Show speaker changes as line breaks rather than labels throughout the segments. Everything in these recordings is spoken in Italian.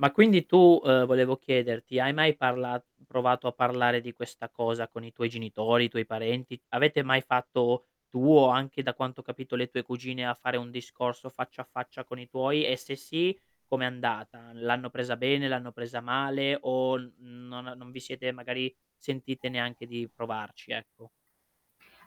Ma quindi tu, ehm, volevo chiederti, hai mai parla provato a parlare di questa cosa con i tuoi genitori, i tuoi parenti? Avete mai fatto tu o anche da quanto ho capito le tue cugine, a fare un discorso faccia a faccia con i tuoi, e se sì com'è andata? L'hanno presa bene, l'hanno presa male o non a non vi siete magari sentite neanche di provarci, ecco?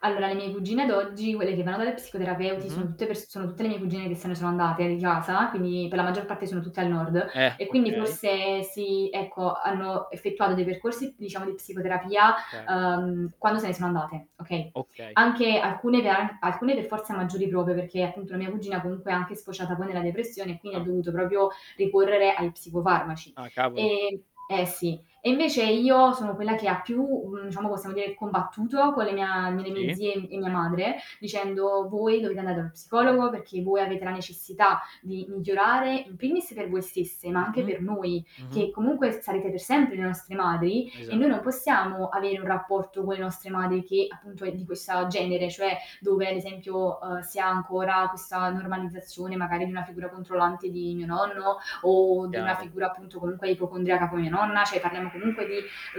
Allora, le mie cugine ad oggi, quelle che vanno dalla psicoterapeuti sono
Mh-mh.
tutte pers sono tutte le mie cugine che se ne sono andate di casa, quindi, per la maggior parte sono tutte al nord
Eh,
e quindi
okay.
forse si ecco hanno effettuato dei percorsi, diciamo, di psicoterapia,
Cer
uhm, quando se ne sono andate okay,
Okay.
anche alcune [unintelligible] alcune per forza maggiori proprio perché, appunto, una mia cugina comunque è anche sfociata poi nella depressione, e quindi ha
Ah.
dovuto proprio ricorrere ai psicofarmaci.
Ah, cavolo.
Ehm eh sì, e invece io sono quella che ha più, mhmm, diciamo, possiamo dire combattuto con le mia mhmm, le mie
Sì.
zie e mia madre dicendo: "Voi dovete andare dallo psicologo perché voi avete la necessità di migliorare, in primis per voi stesse, ma anche
Mh-mh,
per noi,
mh-mh.
che comunque s sarete per sempre le nostre madri, e noi non
Esatto.
possiamo avere un rapporto con le nostre madri che, appunto, è di questa genere." Cioè, dove ad esempio, uhm, si ha ancora questa normalizzazione magari di una figura controllante di mio nonno o di una
Chiaro.
figura appunto, comunque, ipocondriaca come mia nonna, cioè parliamo comunque di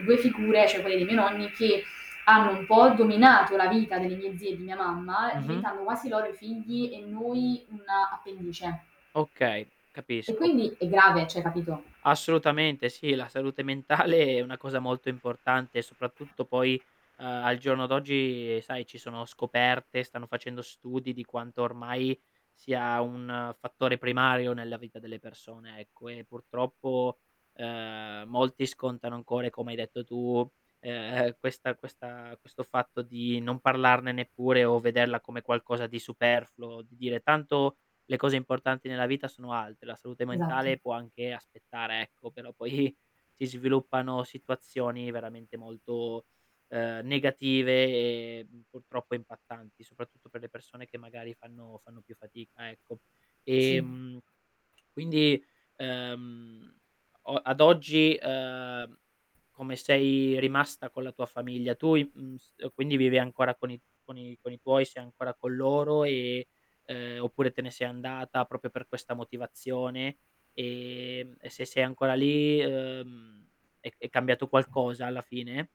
2 figure cioè, quelle dei miei nonni che hanno un po' dominato la vita delle mie zie e di mia mamma,
Mh-mh.
diventando quasi loro i figli e noi un'appendice
Okay,
e
capisco.
quindi è grave, cioè, capito?
Assolutamente sì, la salute mentale è una cosa molto importante, soprattutto poi, uhm, al giorno d'oggi, sai, ci sono scoperte, stanno facendo studi di quanto ormai sia un fattore primario nella vita delle persone ecco, e purtroppo, ehm, molti scontano ancora e come hai detto tu, ehm, questa questa questo fatto di non parlarne neppure, o vederla come qualcosa di superfluo, di dire: "Tanto le cose importanti nella vita sono altre, la salute
Esatto.
mentale può anche aspettare." Ecco, però poi si sviluppano situazioni veramente molto, ehm, negative e, mhmm, purtroppo impattanti, soprattutto per le persone che magari fanno fanno più fatica, ecco.
Sì.
Ehm, quindi, uhm, o ad oggi, ehm, come sei rimasta con la tua famiglia, tu i mhmm, s uhm, quindi vivi ancora con i con i con i tuoi, sei ancora con loro e uhm, oppure te ne sei andata proprio per questa motivazione, ehm, e se sei ancora lì, uhm, è è cambiato qualcosa alla fine?